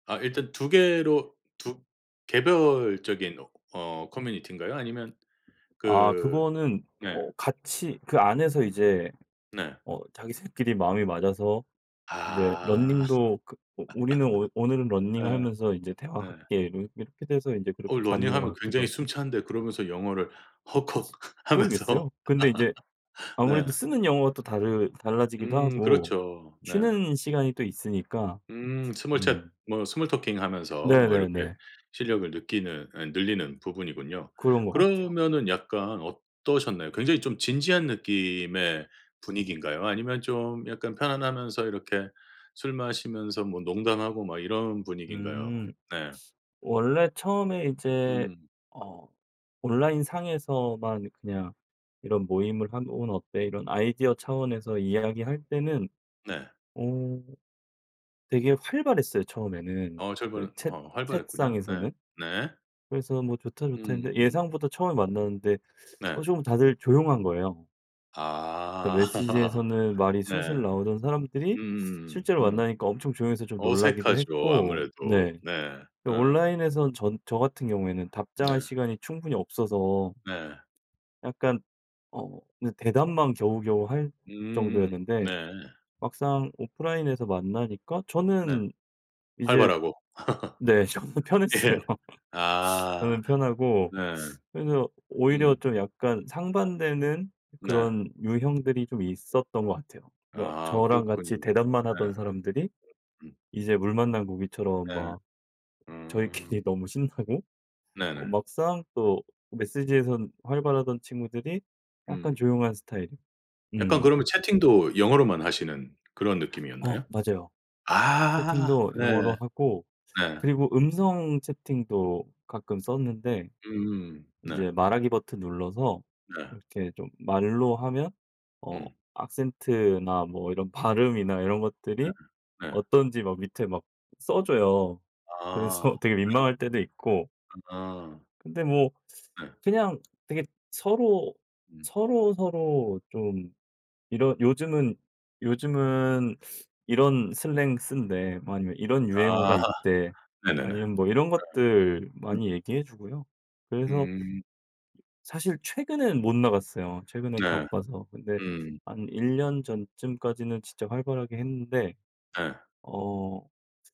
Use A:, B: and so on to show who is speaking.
A: 아 일단 2 개로 2 개별적인 어 커뮤니티인가요? 아니면
B: 아
A: 그
B: 그거는
A: 네.
B: 어 같이 그 안에서 이제
A: 네.
B: 어 자기 3 끼리 마음이 맞아서 이제
A: 아.
B: 러닝도 그 오 "우리는 오 오늘은
A: 예.
B: 러닝하면서 이제
A: 네.
B: 대화할게." 뭐 이렇게 돼서 이제 그렇게
A: 어
B: 가는 것
A: 러닝하면
B: 같기도
A: 굉장히
B: 하고
A: 숨찬데 그러면서 영어를. 헉헉 하면서
B: 모르겠어요. 근데 인제
A: 네.
B: 아무래도 쓰는 용어가 또 다르 달라지기도
A: 음
B: 하고
A: 그렇죠. 네.
B: 쉬는 시간이 또 있으니까.
A: 음. 스몰 챗
B: 음.
A: 뭐 스몰 토킹 하면서 뭐 이렇게
B: 네네네.
A: 실력을 느끼는 아니 늘리는 부분이군요.
B: 그런 것 같아요.
A: 그러면은 약간 어떠셨나요? 굉장히 좀 진지한 느낌의 분위기인가요? 아니면 좀 약간 편안하면서 이렇게 술 마시면서 뭐 농담하고 막 이런 분위기인가요?
B: 음.
A: 네.
B: 원래 처음에 이제
A: 음.
B: 어 온라인상에서만 그냥 이런 모임을 하면 "오늘 어때?" 이런 아이디어 차원에서 이야기할 때는
A: 네.
B: 어 되게 활발했어요 처음에는
A: 어 챗
B: 그
A: 방은
B: 챗
A: 어 활발했군요. 네.
B: 챗상에서는.
A: 네.
B: 그래서 뭐 "좋다, 좋다."
A: 음.
B: 했는데
A: 음.
B: 예상보다 처음에 만났는데
A: 네.
B: 어 좀 다들 조용한 거예요. 그
A: 아.
B: 메시지에서는 말이
A: 네.
B: 술술 나오던 사람들이
A: 음.
B: 실제로
A: 음.
B: 만나니까 엄청 조용해서 좀 놀라기도
A: 어색하죠,
B: 했고
A: 아무래도.
B: 네.
A: 네.
B: 또
A: 어.
B: 온라인에서는 전 저 같은 경우에는 답장할
A: 네.
B: 시간이 충분히 없어서
A: 네.
B: 약간 어 그냥 대답만 겨우겨우 할
A: 음. 네.
B: 정도였는데 막상 오프라인에서 만나니까
A: 네.
B: 저는 이제
A: 활발하고.
B: 네. 저는 편했어요.
A: 예. 아.
B: 저는 편하고
A: 네.
B: 그래서 오히려
A: 음.
B: 좀 약간 상반되는
A: 네.
B: 그런 유형들이 좀 있었던 것 같아요. 그러니까
A: 아.
B: 저랑 같이
A: 그렇군요.
B: 대답만
A: 네.
B: 하던 사람들이
A: 음.
B: 이제 물 만난 고기처럼
A: 네.
B: 막
A: 음.
B: 저희끼리 너무 신나고
A: 네네.
B: 막상 또 메시지에선 활발하던 친구들이 약간
A: 음.
B: 조용한 스타일이에요.
A: 약간 그러면
B: 음.
A: 채팅도 영어로만 하시는 그런
B: 어
A: 느낌이었나요?
B: 맞아요.
A: 아.
B: 채팅도
A: 네.
B: 영어로 하고
A: 네.
B: 그리고 음성 채팅도 가끔 썼는데
A: 음. 네.
B: 이제 말하기 버튼 눌러서
A: 네.
B: 이렇게 좀 말로 하면 어
A: 음.
B: 악센트나 뭐 이런 발음이나 이런
A: 네.
B: 것들이
A: 네.
B: 어떤지 막 밑에 막 써 줘요.
A: 아.
B: 그래서 되게
A: 네.
B: 민망할 때도 있고
A: 아.
B: 근데 뭐
A: 네.
B: 그냥 되게 서로
A: 음.
B: 서로서로 좀 이런 "요즘은 요즘은 이런 슬랭 쓴대." 뭐 아니면 "이런 유행어가
A: 아.
B: 있대."
A: 네네네. 네.
B: 아니면 뭐 이런 것들
A: 음.
B: 많이 얘기해 주고요. 그래서
A: 음.
B: 사실 최근에는 못 나갔어요, 최근엔
A: 네.
B: 바빠서. 근데
A: 음.
B: 한 1 년 전쯤까지는 진짜 활발하게 했는데
A: 네.
B: 어.